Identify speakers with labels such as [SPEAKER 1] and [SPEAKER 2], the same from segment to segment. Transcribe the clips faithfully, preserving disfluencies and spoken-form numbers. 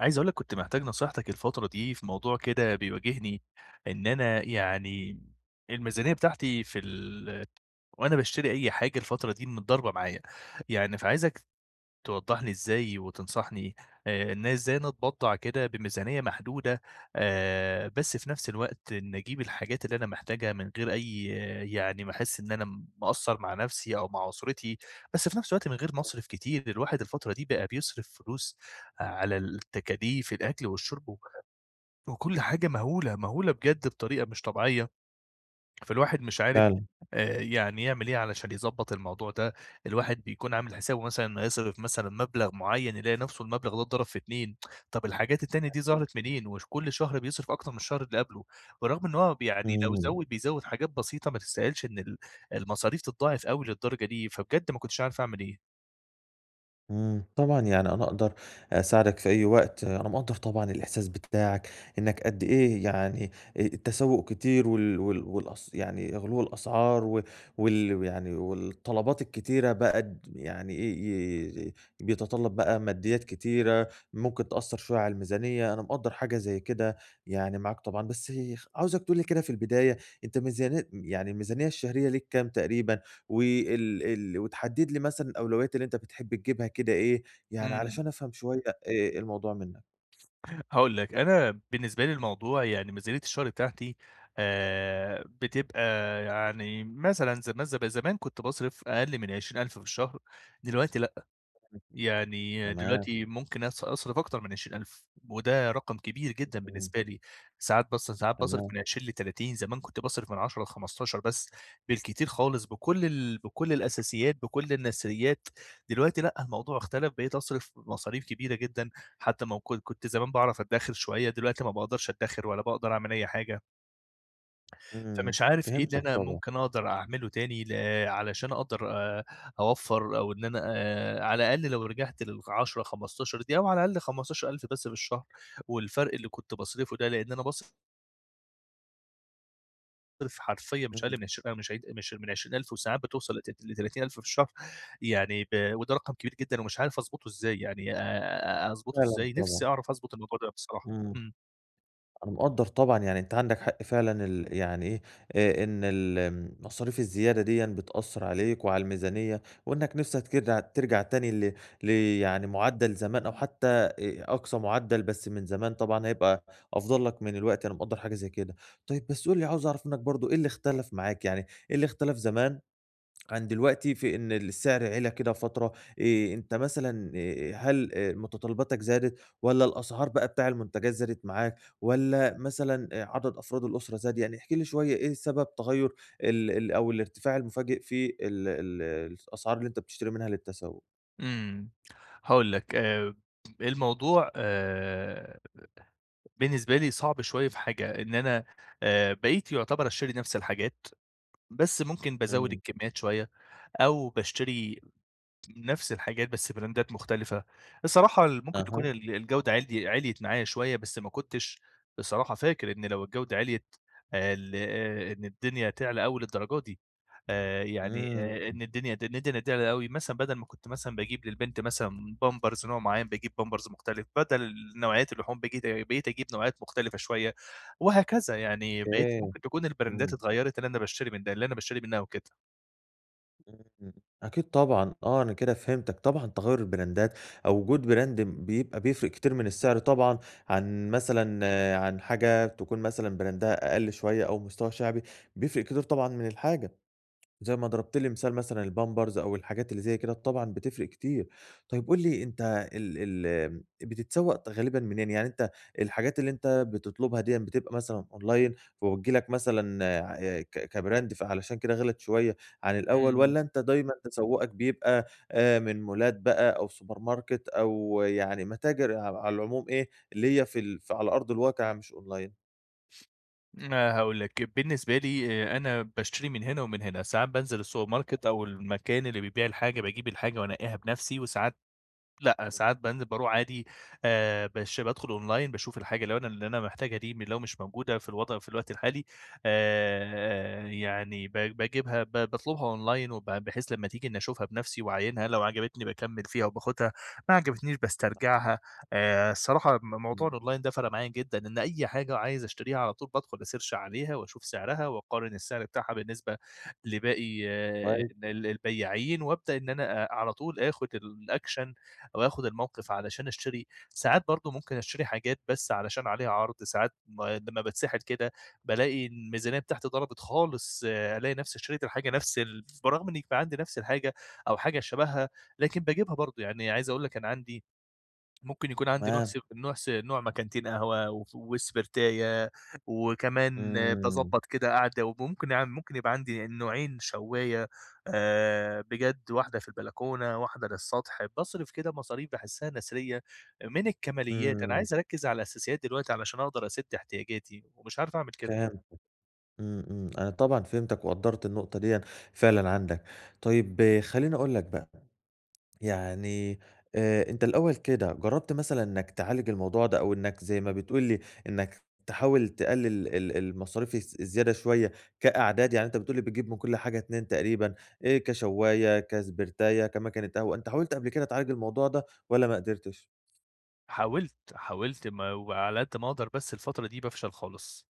[SPEAKER 1] عايز أقول لك كنت محتاج نصيحتك الفترة دي في موضوع كده بيواجهني، إن أنا يعني الميزانية بتاعتي في ال وأنا باشتري أي حاجة الفترة دي متضاربة معايا، يعني فعايزك توضّح لي إزاي وتنصحني آآ، إن أنا إزاي أنا أتبضّع كده بميزانية محدودة آآ، بس في نفس الوقت إني أجيب الحاجات اللي أنا محتاجها من غير أي يعني ما أحس إن أنا مقصّر مع نَفسي أو مع أسرتي، بس في نفس الوقت من غير ما اصرف كتير، الواحد الفترة دي بقى بيصرف فلوس على التكاليف الأكْل والشرب و وكُلّ حاجة مهولة، مهولة بجد بطريقة مش طبيعية، فالواحد مش عارف
[SPEAKER 2] فعلًا.
[SPEAKER 1] آآ، يعني يعمل إيه علشان يضبّط الموضوع ده، الواحد بيكون عامل حسابه مثلًا هيصرف مثلًا مبلغ معيّن يلاقي نفسه المبلغ ده اتضرب في اتنين، طب الحاجات التانية دي
[SPEAKER 2] [unintelligible]
[SPEAKER 1] ظهرت منين؟ وش كُلّ شهر بيصرف أكتر من الشهر اللي قبله، برغم إن هو ب يعني لو
[SPEAKER 2] امم.
[SPEAKER 1] زوّد بيزوّد حاجات بسيطة ما تستهالش إن ال المصاريف تتضاعف أوي للدرجة دي، فبجد ما كنتش عارف أعمل إيه.
[SPEAKER 2] امم، طبعًا يعني أنا أقدر أساعدك في أي وقت، أنا مقدّر طبعًا الإحساس ب بتاعك إنك قدّ إيه يعني آآ، التسوق كتير وال وال والأس يعني غُلُو الأسعار و وال ويعني والطلبات الكتيرة بقى د يعني ي ي ي بيتطلب بقى ماديات كتيرة ممكن تأثر شوية على الميزانية، أنا مقدّر حاجة زي كده يعني معاك طبعًا، بس يخ عاوزك تقول لي كده في البداية أنت ميزاني يعني الميزانية الشهرية ليك كام تقريبًا؟ وال ال وتحدد لي مثلًا الأولويات اللي أنت بتحب تجيبها كده إيه، يعني
[SPEAKER 1] امم.
[SPEAKER 2] علشان أفهم شوية آآ، إيه الموضوع منّك.
[SPEAKER 1] هاقول لك، أنا بالنسبة لي الموضوع يعني ميزانية الشهر بتاعتي آآ، بتبقى يعني مثلًا زم ز زمان كنت باصرف أقل من عشرين ألف في الشهر، دلوقتي لأ،
[SPEAKER 2] [unintelligible]
[SPEAKER 1] يعني
[SPEAKER 2] تمام.
[SPEAKER 1] دلوقتي ممكن أص أصرف أكتر من عشرين ألف، وده رقم كبير جدًا
[SPEAKER 2] [unintelligible]
[SPEAKER 1] بالنسبة لي، ساعات باص ساعات باصرف
[SPEAKER 2] تمام.
[SPEAKER 1] من عشرين لتلاتين، زمان كنت باصرف من عشرة لخمستاشر بس بالكتير خالص بكُلّ ال بكُلّ الأساسيات، بكُلّ النثريات، دلوقتي لأ، الموضوع اختلف، بقيت أصرف مصاريف كبيرة جدًا، حتى ما وك كنت زمان باعرف أدّخر شوية، دلوقتي ما باقدرش أدّخر ولا باقدر أعمل أي حاجة.
[SPEAKER 2] إمم،
[SPEAKER 1] فمش عارف إيه اللي
[SPEAKER 2] فهمتك
[SPEAKER 1] أنا
[SPEAKER 2] طبعًا.
[SPEAKER 1] ممكن أقدر أعمله تاني ل علشان أقدر آآ، أوفّر، أو إن أنا آآ، على الأقل لو رجعت للعشرة خمستاشر دي، أو على الأقل خمستاشر ألف بس في الشهر، والفرق اللي كنت باصرفه ده لأن أنا باص رف حرفيًا مش
[SPEAKER 2] إمم.
[SPEAKER 1] أقل عشر مش ع مش من عشرين ألف، وساعات بتوصل لت لتلاتين ألف في الشهر، يعني ب وده رقم كبير جدًا، ومش عارف أضبطه إزاي يعني آآ، أضبطه
[SPEAKER 2] فعلًا
[SPEAKER 1] إزاي، نفسي
[SPEAKER 2] طبعًا.
[SPEAKER 1] أعرف أضبط الموضوع ده بصراحة،
[SPEAKER 2] إمم،
[SPEAKER 1] إمم.
[SPEAKER 2] أنا مقدّر طبعًا يعني أنت عندك حق فعلًا، ال يعني إيه، آآ، إن ال امم، المصاريف الزيادة ديًّا بتأثر عليك وعلى الميزانية، وإنك نِفسك كده ترجع تاني ل ل يعني معدل زمان أو حتى أ أقصى معدل بس من زمان طبعًا هيبقى أفضل لك من دلوقتي، أنا مقدر حاجة زي كده، طيب بس قُل لي عاوز أعرف منك برضو إيه اللي اختلف معاك يعني، إيه اللي اختلف زمان عن دلوقتي في إن السعر عِلَى كده فترة، آآ، أنت مثلًا آآ، هل متطلباتك زادت، والّا الأسعار بقى بتاع المنتجات زادت معاك، والّا مثلًا عدد أفراد الأسرة زاد؟ يعني احكِ لي شوية إيه سبب تغير ال ال أو الارتفاع المفاجئ في ال الس الأسعار اللي أنت بتشتري منها للتسوق؟
[SPEAKER 1] إمم. هاقول لك، آآ الموضوع آآ بالنسبة لي صعب شويّة في حاجة إن أنا آآ، بقيت يُعتبر أشتري نفْس الحاجات بس ممكن بازوّد
[SPEAKER 2] إمم.
[SPEAKER 1] الكميّات شويّة أو باشتري نفْس الحاجات بس براندات مختلِفة. الصراحة اللي ممكن تكون
[SPEAKER 2] أها.
[SPEAKER 1] ال الجودة عِلي عِلْيت معايا شويّة بس ما كنتش بصراحة فاكر إن لو الجودة عِلْيت ال أ إن الدنيا تعلى أوي الدرجات دي، آآ، يعني، آآ،
[SPEAKER 2] إمم.
[SPEAKER 1] إن الدنيا د ند نديها أوي مثلًا بدَل ما كنت مثلًا باجيب للبنت مثلًا بامبرز نوع مُعيّن باجيب بامبرز مختلف، بدل نوعيّات اللحوم بجيت بقيت اجيب نوعيّات مختلفة شويّة، وهكذا يعني بقيت
[SPEAKER 2] أوكي.
[SPEAKER 1] ممكن تكون البراندات
[SPEAKER 2] إمم.
[SPEAKER 1] اتغيّرِت اللي أنا باشتري من ده اللي أنا باشتري منها وكده.
[SPEAKER 2] إمم. أكيد طبعًا. آه، أنا كده فهمتك طبعًا تَغيُّر البراندات أو وجود براند م بيبقى بيفرِق كتير من السِّعر طبعًا عن مثلًا، عن حاجة تكون مثلًا براندها أقل شويّة أو مستواها شعبي بيفرِق كتير طبعًا من الحاجة. زي ما ضربْت لي مثال مثلًا البامبرز أو الحاجات اللي زي كده طبعًا بتفرِق كتير. طيب قُل لي أنت ال ال آمم، بتتسوّق غالبًا منين، يعني أنت الحاجات اللي أنت بتطلُبها ديًّا بتبقى مثلًا أونلاين وبتيجي لك مثلًا عأي ك كبراند فعلشان كده غِلَت شويّة عن الأول
[SPEAKER 1] إمم.
[SPEAKER 2] والّا أنت دايمًا تسوّقك بيبقى أ من مولات بقى أو سوبر ماركت أو يعني متاجر ع على العموم إيه اللي هي في ال على أرض الواقع مش أونلاين؟
[SPEAKER 1] ما هاقول لك، بالنسبة لي أنا باشتري من هنا ومن هنا، ساعات بانزل السوبر ماركت أو المكان اللي بيبيع الحاجة، باجيب الحاجة وأنقّيها بنَفسي، وساعات لأ،
[SPEAKER 2] إمم.
[SPEAKER 1] ساعات بانزل بارُوح عادي آآ، بش بادخل أونلاين باشوف الحاجة لو أنا اللي أنا محتاجها دي م لو مش موجودة في الوضع في الوقت الحالي آآ، يعني ب باجيبها ب باطلبها أونلاين وب بحيث لمّا تيجي إني أشوفها بنَفسي واعاينها، لو عجبتني باكمّل فيها وباخدها، ما عجبتنيش
[SPEAKER 2] [unintelligible]
[SPEAKER 1] باسترجعها، آآ، الصراحة م موضوع
[SPEAKER 2] إمم.
[SPEAKER 1] الأونلاين ده فرق معايا جدًا إن أي حاجة عايز أشتريها على طول بادخل أسيرش عليها واشوف سعرها، واقارن السعر بتاعها بالنسبة لباقي آآ،
[SPEAKER 2] [unintelligible]
[SPEAKER 1] ال البياعين، وابدأ إن أنا آآ، على طول آخد الأكشن أو آخد الموقف علشان أشتري، ساعات برضو ممكن أشتري حاجات بس علشان عليها عرض، ساعات م لمّا باتسحل كده بالاقي الميزانية بتاعتي ضربت خالص، ألاقي نفس اشتريت الحاجة نفس ال برغم إن بيبقى عندي نفس الحاجة أو حاجة شبهها، لكن باجيبها برضو، يعني عايز أقول لك أنا عندي ممكن يكون عندي نوع س
[SPEAKER 2] تمام.
[SPEAKER 1] نوع س نوع مكنتين قهوة و وسبرتاية، وكمان
[SPEAKER 2] إمم.
[SPEAKER 1] باضبّط كده قعدة، وممكن يع ممكن يبقى عندي نوعين شوّاية آآ، بجد واحدة في البلكونة واحدة للسطح، باصرف كده مصاريف باحسها نثرية من الكماليات، أنا
[SPEAKER 2] إمم.
[SPEAKER 1] عايز أركز على الأساسيات دلوقتي علشان أقدر أسد احتياجاتي ومش عارف أعمل كده.
[SPEAKER 2] فهمتك، إمم إمم، أنا طبعًا فهمتك وقدّرت النقطة ديًّا فعلًا عندك، طيب خليني أقول لك بقى، يعني آآ، أنت الأول كده جربت مثلًا إنك تعالج الموضوع ده أو إنك زي ما بتقول لي إنك تحاول تقلل ال المصاريف الز الزيادة شوية كأعداد، يعني أنت بتقول لي بتجيب من كُلّ حاجة اتنين تقريبًا، آآ، كشواية، كسبرتاية، كمكنة قهوة، أنت حاولت قبل كده تعالج الموضوع ده، والّا ما قدرتش؟
[SPEAKER 1] حاولت، حاولت ما وعلى قدّ ما أقدر، بس الفترة دي بافشل خالص،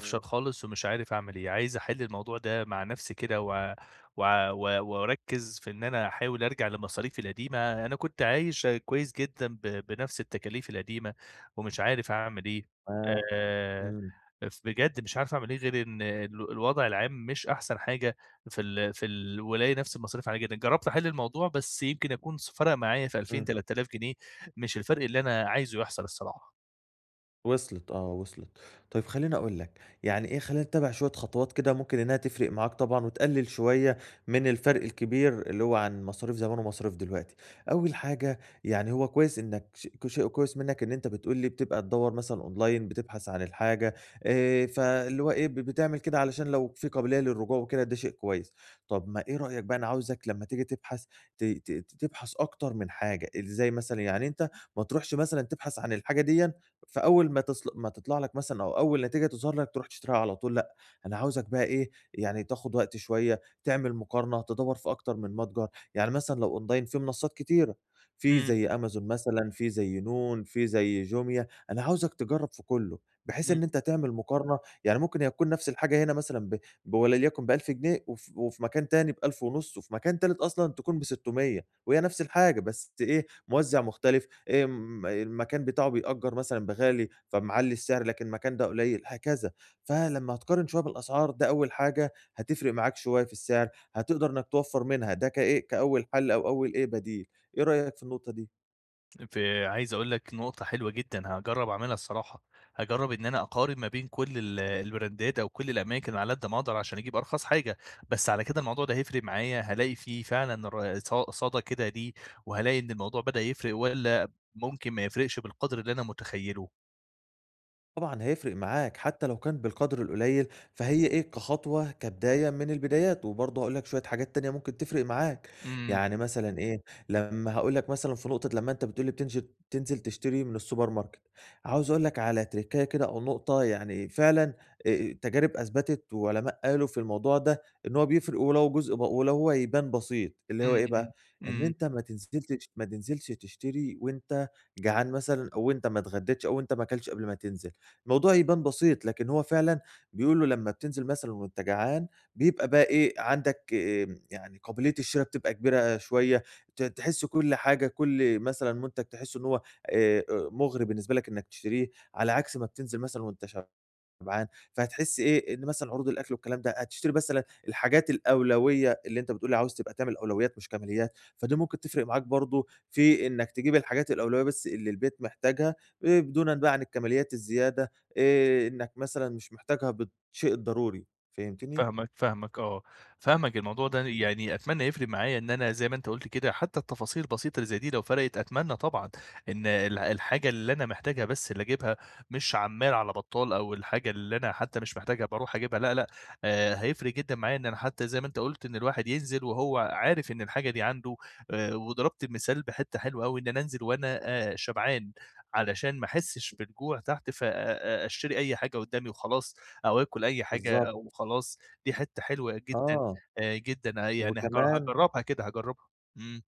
[SPEAKER 2] إمم.
[SPEAKER 1] خالص، ومش عارف أعمل إيه، عايز أحل الموضوع ده مع نفسي كده و و و وأركز في إن أنا أحاول أرجع لمصاريفي القديمة، أنا كنت عايش آآ كويس جدًا ب بنفس التكاليف القديمة ومش عارف أعمل إيه
[SPEAKER 2] آه،
[SPEAKER 1] آآ،
[SPEAKER 2] إمم.
[SPEAKER 1] ف بجد مش عارف أعمل إيه، غير إن ال الوضع العام مش أحسن حاجة في ال في الولاية، نفس المصاريف عالية جدا، جربت أحل الموضوع بس يمكن أكون س فرق معايا في ألفين
[SPEAKER 2] إمم.
[SPEAKER 1] تلات آلاف جنيه، مش الفرق اللي أنا عايزه يحصل الصراحة.
[SPEAKER 2] وصلِت آه وصلِت، طيب خليني أقول لك، يعني إيه خلينا نتّبِع شوية خطوات كده ممكن إنها تفرق معاك طبعًا وتقلل شوية من الفرق الكبير اللي هو عن مصاريف زمان ومصاريف دلوقتي، أول حاجة يعني هو كويس إنك ش كشيء كويس منك إن أنت بتقول لي بتبقى تدّور مثلًا أونلاين بتبحث عن الحاجة آآ، فاللي هو إيه ب بتعمل كده علشان لو في قابلية للرجوع وكده ده شيء كويس، طب ما إيه رأيك بقى أنا عاوزك لمّا تيجي تبحث، ت ت تبحث أكتر من حاجة، إزاي مثلًا؟ يعني أنت ما تروحش مثلًا تبحث عن الحاجة ديًّا فأول ما تصل ما تطلع لك مثلًا أو أول نتيجة تظهر لك ترُوح تشتريها على طول، لأ، أنا عاوزك بقى إيه يعني تاخد وقت شوية، تعمل مقارنة، تدوّر في أكتر من متجر، يعني مثلًا لو أونلاين في منصات كتيرة، في
[SPEAKER 1] امم.
[SPEAKER 2] زي أمازون مثلًا في زي نون في زي جوميا، أنا عاوزك تجرب في كلّه، بحيث
[SPEAKER 1] امم.
[SPEAKER 2] إن أنت تعمل مقارنة، يعني ممكن هي تكون نفس الحاجة هنا مثلًا ب بولليكُن بألف جنيه وف وفي مكان تاني بألف ونُص وفي مكان تالت أصلًا تكون بستمِيَّة وهي نفس الحاجة بس إيه موزِّع مختلف، إمم، المكان بتاعه بيأجر مثلًا بغالي فمعلّي السعر لكن مكان ده قليل هكذا، فلمّا هتقارن شوية بالأسعار ده أول حاجة هتفرق معاك شوية في السعر، هتقدر إنك توفر منها، ده كإيه، كأول حل أو أول إيه بديل، إيه رأيك في النقطة دي؟
[SPEAKER 1] فعايز أقول لك نقطة حلوة جدًا، هاجرب أعملها الصراحة، هاجرب إن أنا أقارن ما بين كل ال البراندات أو كل الأماكن على قد ما أقدر؛ عشان أجيب أرخص حاجة، بس على كده الموضوع ده هيفرِق معايا، هالاقي فيه فعلًا ر ص صدى كده ليه، وهالاقي إن الموضوع بدأ يفرِق والّا ممكن ما يفرِقش بالقدْر اللي أنا متخيله؟
[SPEAKER 2] طبعًا هيفرِق معاك، حتى لو كان بالقدْر القليل، فهي إيه كخطوة، كبداية من البدايات، وبرضو هاقول لك شوية حاجات تانية ممكن تفرِق معاك،
[SPEAKER 1] إمم.
[SPEAKER 2] يعني مثلًا إيه، لما هاقول لك مثلًا في نقطة لما أنت بتقول لي بتنجل تنزل تشتري من السوبر ماركت عاوز أقول لك على تِركَّاية كده أو نقطة يعني فعلًا، آآ، التجارب أثبتت وعلماء قالوا في الموضوع ده، إن هو بيفرِق ولو جزء ب ولو هو يبان بسيط، اللي هو
[SPEAKER 1] إمم
[SPEAKER 2] إيه
[SPEAKER 1] إمم.
[SPEAKER 2] بقى؟ إن
[SPEAKER 1] إمم.
[SPEAKER 2] أنت ما تنزلتش ما تنزلش تشتري وأنت جعان مثلًا أو أنت ما اتغديتش أو أنت ما اكلتش قبل ما تنزل، موضوع يبان بسيط، لكن هو فعلًا بيقولوا لما بتنزل مثلًا وأنت جعان بيبقى بقي إيه، عندك، آآ، يعني قابلية الشرا بتبقى كبيرة شوية، ت تحس كل حاجة، كل مثلًا منتج تحسه إن هو، آآ، أُ مُغري بالنسبة لك إنك تشتريه، على عكس ما بتنزل مثلًا وأنت شبعان، فهتحس إيه، إن مثلًا عروض الأكل والكلام ده، هتشتري مثلًا الحاجات الأولوية، اللي أنت بتقول لي عاوز تبقى تعمل الأولويات مش كماليات، فدي ممكن تفرِق معاك برضو، في إنك تجيب الحاجات الأولوية بس اللي البيت محتاجها، آآ، دونًا بقى عن الكماليات الزيادة، آآ، إنك مثلًا مش محتاجها ب بالشيء الضروري. فهمتني؟
[SPEAKER 1] فاهمك، فاهمك آه. فاهمك، الموضوع
[SPEAKER 2] [unintelligible]
[SPEAKER 1] ده يعني أتمنى يفرِق معايا، إن أنا زي ما أنت قلت كده، حتى التفاصيل البسيطة اللي زي دي، لو فرِقت أتمنى طبعًا إن ال الحاجة اللي أنا محتاجها بس اللي أجيبها، مش عمّال على بطّال، أو الحاجة اللي أنا حتى مش محتاجها بارُوح أجيبها، لأ لأ، آآ، هيفرِق جدًا معايا إن أنا- حتى زي ما أنت قُلت- إن الواحد ينزِل وهو عارف إن الحاجة دي عنده، وضربت المثال بحتّة حلوة أوي، إن أنا أنزل وأنا شبعان؛ علشان ما أحسش بالجوع تحت ف أ أ أشتري أي حاجة قدامي وخلاص، أو آكل أي حاجة
[SPEAKER 2] بالضبط.
[SPEAKER 1] وخلاص، دي حتّة حلوة جدًا،
[SPEAKER 2] آه،
[SPEAKER 1] جدًا، يعني هاج
[SPEAKER 2] وكمان
[SPEAKER 1] هاجربها كده، هاجربها، إمم.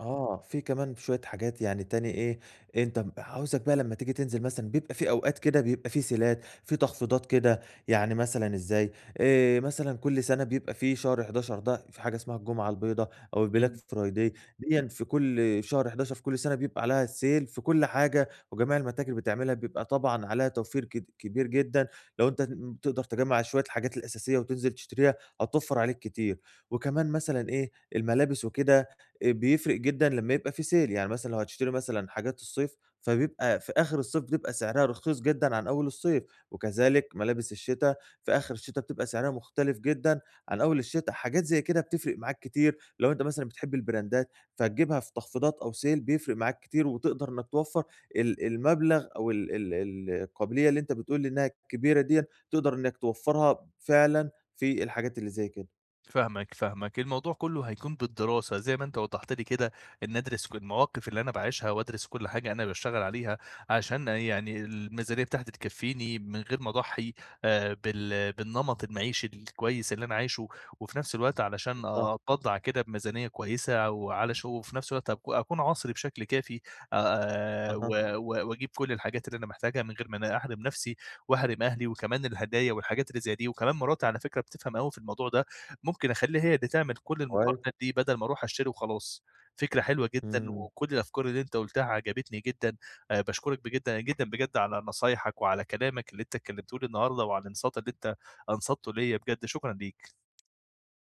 [SPEAKER 2] آه، في كمان شوية حاجات يعني تاني إيه، أنت م عاوزك بقى لمّا تيجي تنزل مثلًا بيبقى في أوقات كده بيبقى في سيلات في تخفيضات كده، يعني مثلًا إزاي آآ، مثلًا كُلّ سنة بيبقى في شهر حداشر ده في حاجة اسمها الجمعة البيضا أو البلاك
[SPEAKER 1] إمم.
[SPEAKER 2] فرايدي ديًّا في كُلّ في شهر حداشر في كُلّ سنة بيبقى عليها sale في كُلّ حاجة وجميع المتاجر بتعملها، بيبقى طبعًا عليها توفير كد كبير جدًا، لو أنت ن بتقدر تجّمع شوية الحاجات الأساسية وتنزل تشتريها هتوفر عليك كتير، وكمان مثلًا إيه، الملابس وكده آآ بيفرق جدًا لمّا يبقى في sale، يعني مثلًا لو هتشتري مثلًا حاجات الصيف فبيبقى في آخر الصيف، بتبقى سعرها رخيص جدًا عن أول الصيف، وكذلك ملابس الشتا في آخر الشتا بتبقى سعرها مختلف جدًا عن أول الشتا، حاجات زي كده بتفرق معاك كتير، لو أنت مثلًا بتحب البراندات فتجيبها في تخفيضات أو sale بيفرق معاك كتير، وتقدر إنك توفر ال المبلغ أو ال ال القابلية اللي أنت بتقول لي إنها كبيرة ديًّا تقدر إنك توفّرها فعلًا في الحاجات اللي زي كده.
[SPEAKER 1] فاهمك فاهمك، الموضوع كلّه هيكون بالدراسة زي ما أنت وضحت لي كده، إني ادرس ق المواقف اللي أنا باعيشها وادرس كُلّ حاجة أنا باشتغل عليها، عشان يعني الميزانية بتاعتي تكفيني من غير ما اضحّي آآ بال بالنمط المعيشي الكويس اللي أنا عايشه، وفي نفس الوقت علشان
[SPEAKER 2] بالضبط.
[SPEAKER 1] أتبضّع كده بميزانية كويسة وعلى شو وفي نفس الوقت أك أكون عصري بشكل كافي، آآ، و
[SPEAKER 2] أها.
[SPEAKER 1] و وأجيب كُلّ الحاجات اللي أنا محتاجها من غير ما أنا أحرِم نفسي واحرِم أهلي، وكمان الهدايا والحاجات اللي زي دي، وكمان مراتي على فكرة بتفهم أوي في الموضوع ده، ممكن أخلّيها هي اللي تعمل كُلّ
[SPEAKER 2] كويس.
[SPEAKER 1] المقارنات دي بدل ما أرُوح أشتري وخلاص، فكرة حلوة جدًا،
[SPEAKER 2] إمم.
[SPEAKER 1] وكُلّ الأفكار اللي أنت قلتها عجبتني جدًا، آآ، باشكرك بجِد جدًا بجد على نصايحك وعلى كلامك اللي أنت اتكلمته لي النهارده وعلى الإنصات اللي أنت أنصتّه ليَّ، بجد شكرًا ليك.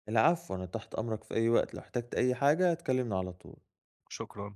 [SPEAKER 2] العفو، أنا تحت أمرك في أي وقت، لو احتجت أي حاجة تكلمني على طول.
[SPEAKER 1] شكرًا.